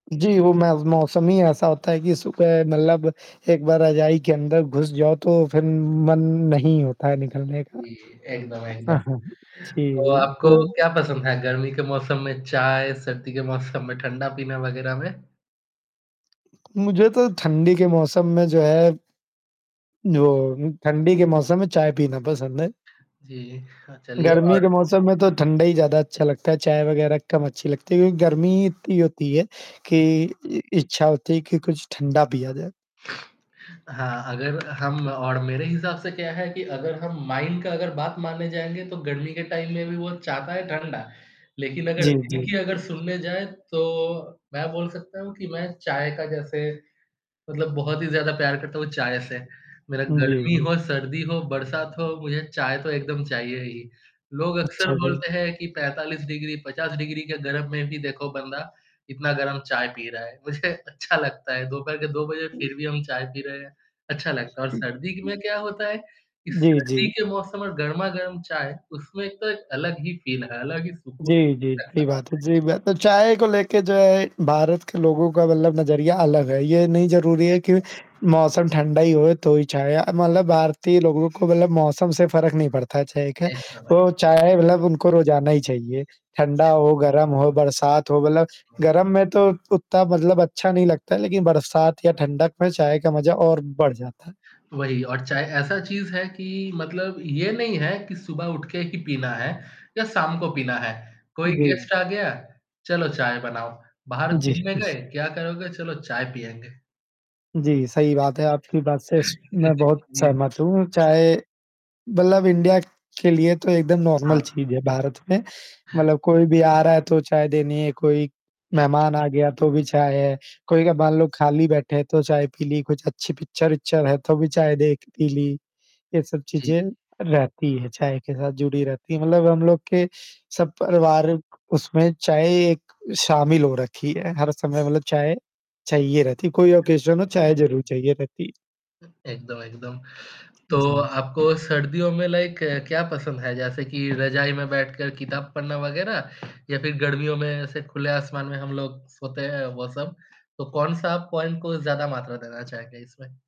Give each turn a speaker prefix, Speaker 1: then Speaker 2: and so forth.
Speaker 1: जी, वो मै मौसम ही ऐसा होता है कि सुबह मतलब एक बार रज़ाई के अंदर घुस जाओ तो फिर मन नहीं होता है निकलने का।
Speaker 2: जी। एकदम, एकदम। तो
Speaker 1: जी,
Speaker 2: आपको
Speaker 1: उन
Speaker 2: क्या पसंद है गर्मी के मौसम में चाय, सर्दी के मौसम में ठंडा पीना वगैरह में?
Speaker 1: मुझे तो ठंडी के मौसम में जो है जो, ठंडी के मौसम में चाय पीना पसंद है।
Speaker 2: जी। हाँ चलिए
Speaker 1: गर्मी
Speaker 2: और
Speaker 1: के मौसम में तो ठंडा ही ज़्यादा अच्छा लगता है, चाय वगैरह कम अच्छी लगती है क्योंकि गर्मी इतनी होती है, कि इ इच्छा होती है कि कुछ ठंडा पिया जाए।
Speaker 2: हाँ, अगर हम और मेरे हिसाब से क्या है कि अगर हम माइंड का अगर बात मानने जाएँगे तो गर्मी के टाइम में भी वो चाहता है ठंडा। लेकिन अगर
Speaker 1: जी,
Speaker 2: दिल
Speaker 1: जी।
Speaker 2: की अगर सुनने जाएँ, तो मैं बोल सकता हूँ कि मैं चाय का जैसे, मतलब बहुत ही ज़्यादा प्यार करता हूँ चाय से। मेरा
Speaker 1: जी,
Speaker 2: गर्मी
Speaker 1: हुँ।
Speaker 2: हो, सर्दी हो, बरसात हो, मुझे चाय तो एकदम चाहिए ही। लोग अक्सर
Speaker 1: अच्छा, जी।
Speaker 2: बोलते हैं कि 45 डिग्री, 50 डिग्री के गर्म में भी देखो बंदा, इतना गरम चाय पी रहा है। मुझे अच्छा लगता है 2 बजे फिर भी हम चाय पी रहे हैं। अच्छा लगता है और सर्दी में क्या होता है? कि
Speaker 1: जी,
Speaker 2: सर्दी
Speaker 1: जी।
Speaker 2: के मौसम में गरमा-गरम चाय, उसमें एक तो एक अलग ही फ़ील है, अलग ही सुकून
Speaker 1: जी, जी,
Speaker 2: [unintelligible]
Speaker 1: बड़ी बात है।
Speaker 2: है।
Speaker 1: जी, बढ़ी है, तो चाय को लेके जो है भारत के लोगों का मतलब नज़रिया अलग है, ये नहीं ज़रूरी है कि मौसम ठंडा ही हो तो ही चाय मतलब भारतीय लोगों को मतलब मौसम से फ़र्क नहीं पड़ता है चाय का।
Speaker 2: ऐसा लग
Speaker 1: वो चाय मतलब उनको रोज़ाना ही चाहिए। ठंडा हो, गरम हो, बरसात हो मतलब गरम में तो उतना मतलब अच्छा नहीं लगता है लेकिन बरसात या ठंडक में चाय का मज़ा और बढ़ जाता है।
Speaker 2: वही और चाहे ऐसा चीज़ है कि मतलब ये नहीं है कि सुबह उठ के ही पीना है, या शाम को पीना है। कोई
Speaker 1: उ, जी।
Speaker 2: गेस्ट आ गया? चलो चाय बनाओ। बाहर
Speaker 1: जी,
Speaker 2: घूमने गए
Speaker 1: जी।
Speaker 2: क्या करोगे? चलो चाय पिएँगे।
Speaker 1: जी सही बात है आपकी बात से
Speaker 2: जी,
Speaker 1: मैं
Speaker 2: जी।
Speaker 1: बहुत
Speaker 2: हाँ जी।
Speaker 1: सहमत हूँ चाहे मतलब इंडिया के लिए तो एकदम
Speaker 2: हाँ।
Speaker 1: नॉर्मल चीज़ है भारत में। मतलब कोई भी आ रहा है तो चाय देनी है कोई, मेहमान आ गया तो भी चाय है। कई कई बार लोग खाली बैठे हैं तो चाय पी ली, कुछ अच्छी पिक्चर है तो भी चाय देख पी ली, ये सब
Speaker 2: जी,
Speaker 1: चीज़ें
Speaker 2: जी।
Speaker 1: रहती है चाय के साथ जुड़ी रहती है मतलब हम लोग के सब परिवार उसमें चाय एक शामिल हो रखी है हर समय मतलब चाय, चाहिए रहती है। कोई ओकेशन हो, चाय ज़रूर चाहिए रहती है।
Speaker 2: एकदम, एकदम। तो
Speaker 1: जी।
Speaker 2: आपको सर्दियों में लाइक क्या पसंद है? जैसे कि रज़ाई में बैठकर किताब पढ़ना वग़ैरह या फिर गर्मियों में ऐसे खुले आसमान में हम लोग सोते हैं वो सब। तो कौन-सा पॉइंट को ज़्यादा मात्रा देना चाहेंगे इसमें?